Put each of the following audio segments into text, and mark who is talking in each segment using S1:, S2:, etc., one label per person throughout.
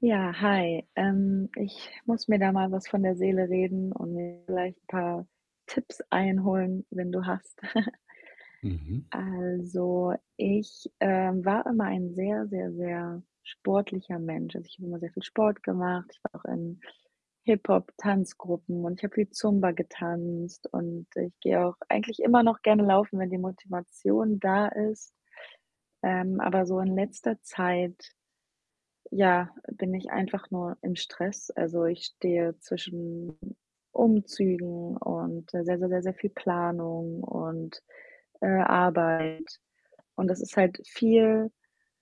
S1: Ja, hi. Ähm, ich muss mir da mal was von der Seele reden und mir vielleicht 'n paar Tipps einholen, wenn du hast.
S2: Mhm.
S1: Also, ich, ähm, war immer ein sehr, sehr, sehr sportlicher Mensch. Also, ich habe immer sehr viel Sport gemacht. Ich war auch in Hip-Hop-Tanzgruppen und ich habe viel Zumba getanzt und ich gehe auch eigentlich immer noch gerne laufen, wenn die Motivation da ist. Ähm, aber so in letzter Zeit, ja, bin ich einfach nur im Stress. Also, ich stehe zwischen Umzügen und sehr, sehr, sehr, sehr viel Planung und, äh, Arbeit. Und das ist halt viel,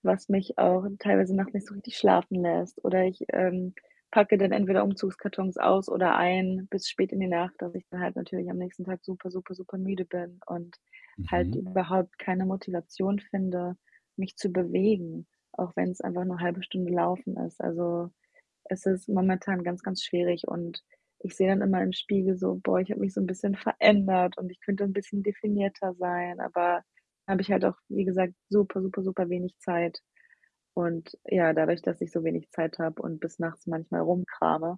S1: was mich auch teilweise nachts nicht so richtig schlafen lässt. Oder ich, ähm, packe dann entweder Umzugskartons aus oder ein bis spät in die Nacht, dass ich dann halt natürlich am nächsten Tag super, super, super müde bin und halt
S2: Mhm.
S1: überhaupt keine Motivation finde, mich zu bewegen, auch wenn's einfach nur 0,5 Stunde laufen ist. Also, es ist momentan ganz, ganz schwierig und ich sehe dann immer im Spiegel so: „Boah, ich habe mich so 'n bisschen verändert und ich könnte 'n bisschen definierter sein,“ aber habe ich halt auch, wie gesagt, super, super, super wenig Zeit. Und ja, dadurch, dass ich so wenig Zeit habe und bis nachts manchmal rumkrame,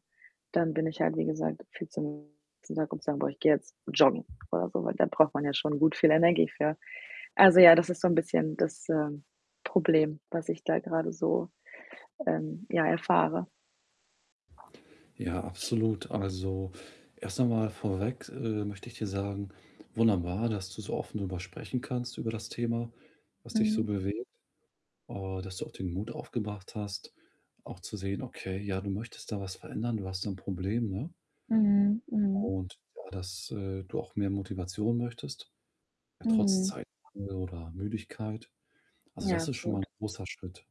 S1: dann bin ich halt, wie gesagt, viel zu müde, am nächsten Tag um zu sagen: „Boah, ich gehe jetzt joggen,“ oder so. Weil da braucht man ja schon gut viel Energie für. Also, ja, das ist so 'n bisschen das, ähm, Problem, was ich da grade so, ähm, ja, erfahre.
S2: Ja, absolut. Also, erst noch mal vorweg, äh, möchte ich dir sagen, wunderbar, dass du so offen drüber sprechen kannst über das Thema, was dich so
S1: Mhm.
S2: bewegt, äh, dass du auch den Mut aufgebracht hast, auch zu sehen: „Okay, ja,“ du möchtest da was verändern, du hast so 'n Problem, ne?
S1: Mhm, mhm.
S2: Und ja dass, äh, du auch mehr Motivation möchtest, ja trotz
S1: Mhm.
S2: Zeitmangel, oder Müdigkeit. Also,
S1: Ja,
S2: das ist schon mal 'n
S1: absolut.
S2: großer Schritt.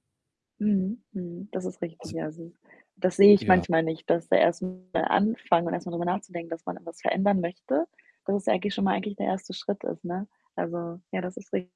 S1: Mhm, mhm. Das ist richtig,
S2: Also
S1: ja. Also, das sehe ich
S2: Ja.
S1: manchmal nicht, dass der erst mal anfangen und erst mal drüber nachzudenken, dass man irgendwas verändern möchte, dass es eigentlich schon mal eigentlich der 1. Schritt ist, ne? Also, ja, das ist richtig.